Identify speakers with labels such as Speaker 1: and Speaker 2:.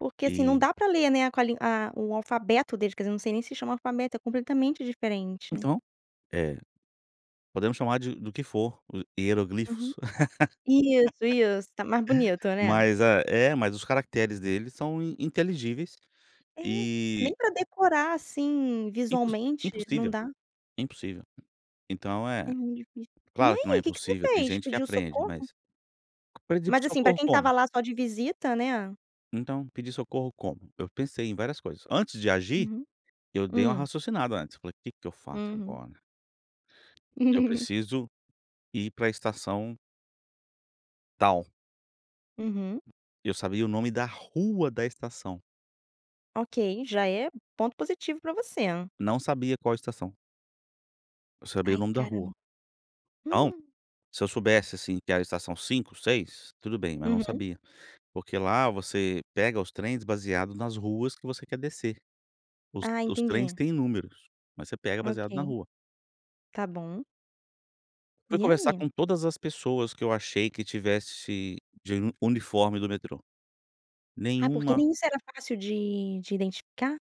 Speaker 1: Porque assim não
Speaker 2: E
Speaker 1: dá para ler, né, com a lin a a o alfabeto deles, quer dizer, não sei nem se chama alfabeto, é completamente diferente, né.
Speaker 2: Então, é podemos chamar de do que for,
Speaker 1: Uhum.
Speaker 2: hieroglifos.
Speaker 1: Isso, isso está mais bonito, né.
Speaker 2: Mas é mas os caracteres dele são inteligíveis
Speaker 1: É, nem
Speaker 2: e
Speaker 1: para decorar assim
Speaker 2: impo
Speaker 1: visualmente, não
Speaker 2: impossível,
Speaker 1: dá.
Speaker 2: é impossível. Então é,
Speaker 1: É muito difícil. E
Speaker 2: claro que não é
Speaker 1: aí que que você
Speaker 2: impossível, tem
Speaker 1: fez
Speaker 2: gente que
Speaker 1: pediu
Speaker 2: aprende
Speaker 1: socorro?
Speaker 2: mas, aprendi por
Speaker 1: Mas assim para
Speaker 2: socorro
Speaker 1: quem estava
Speaker 2: como?
Speaker 1: lá só de visita, né.
Speaker 2: Então pedi socorro como? Eu pensei em várias coisas, antes de agir,
Speaker 1: Uhum,
Speaker 2: eu dei uma
Speaker 1: hum.
Speaker 2: raciocinada antes, falei que que eu faço
Speaker 1: Uhum.
Speaker 2: agora? Eu preciso ir pra estação tal.
Speaker 1: Uhum.
Speaker 2: Eu sabia o nome da rua da estação.
Speaker 1: Ok, já é ponto positivo para você.
Speaker 2: Não sabia qual estação. Eu sabia o
Speaker 1: Ai
Speaker 2: nome da
Speaker 1: caramba.
Speaker 2: rua. Então, se eu soubesse assim que a estação 5, 6 tudo bem mas não
Speaker 1: Uhum.
Speaker 2: sabia. Porque lá você pega os trens baseado nas ruas que você quer descer. Os
Speaker 1: Ah
Speaker 2: os trens
Speaker 1: entendi.
Speaker 2: têm números, mas você pega baseado na
Speaker 1: Okay.
Speaker 2: rua.
Speaker 1: Está bom.
Speaker 2: Fui
Speaker 1: E
Speaker 2: conversar
Speaker 1: aí?
Speaker 2: com todas as pessoas que eu achei que tivesse de uni uniforme do metrô.
Speaker 1: Ah, porque
Speaker 2: Nenhuma
Speaker 1: nem isso era fácil de de identificar?